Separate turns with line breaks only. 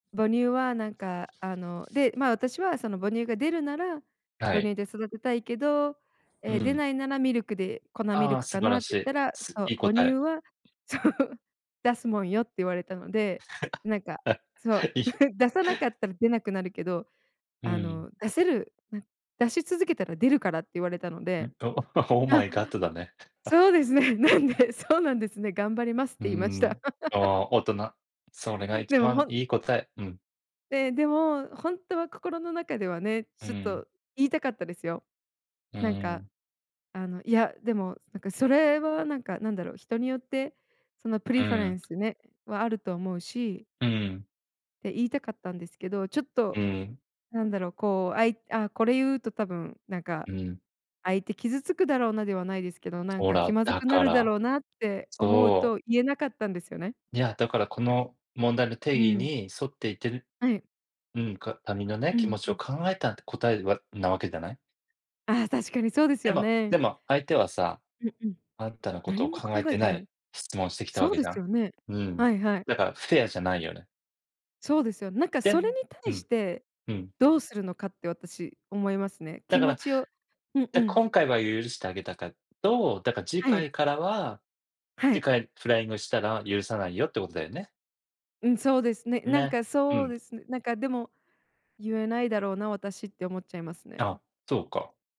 母乳はなんか、あので、まあ、私はその母乳が出るなら、
は
母
い。
乳で育てたいけど、
う
え、出
ん。
ないならミルクで、粉ミ
あ
ル
あ、
ク
素
か
晴
な
ら
って
し
言っ
い。
たら、
す
そ
い
う、
い
母
答
乳
え。
はそう。出すもんよって言われたので、なん か
は、
そう、
いひ
出さなかったら出なくなるけど、
う
あ
ん。
の、出せるな、出し続けたら出るからって言われたので。
んと？Oh
あ、
my god だね。あ。
そうですね。なんでそうなんですね。頑張りますっ
うー
て言いました。
ん。あ あ、大人、それが一
でも
番
ほん
いい答え。うん。
で、でも本当は心の中ではね、
うー
ちょっ
ん。
と言いたかったですよ。
うー
なんか、
ん。
あの、いや、でも、つなんかそれはなんか、なんだろう、人によってそのプ
う
リファ
ー
レン
ん。
スね、はあると思うし
うーん。
って言いたかったんですけど、ちょっ
う
と
ーん。
なんだろうこう、あい「ああ、これ言うと多分なんか、
うん。
相手傷つくだろうな」ではないですけど、
つ
「なん
ほ
か気
ら、
まず
だ
くな
か
るだ
ら、
ろうな」って思う
そう。
と言えなかったんですよね。
にや、だからこの問題の定
う
義
ん。
に沿っていってる
はい。
うん、か他人のね、
う
気
ん
持ち
う
を
ん。
考えたって答えはなわけじゃない。
ああ、確かにそうです
で
よ
もで
ね。
も、相手はさ、
うんうん。
あんたのこと
何
を
も
考え
考え
て
て
な
ない。
い質問をしてきたわ
そう
け
で
じゃ
す
ん。
よね。
うん。
はいはい。
だからフェアじゃないよね。
そうですよ。なんか
で
それ
ね
に
う
対し
ん。
て
うん。
どうするのかって私思いますね。
だ
気
か
持
ら、
ちをうん
じ
う
ゃ、
ん。
今回は許してあげたけど、だから次
はい。
回からは、
は
次
い。
回フライングしたら許さないよってことだよね。
うん、そうですね。なん
ね、
か
う
そう
ん。
ですね、なんかでも言えないだろうな私って思っちゃいますね。
あ、そうか。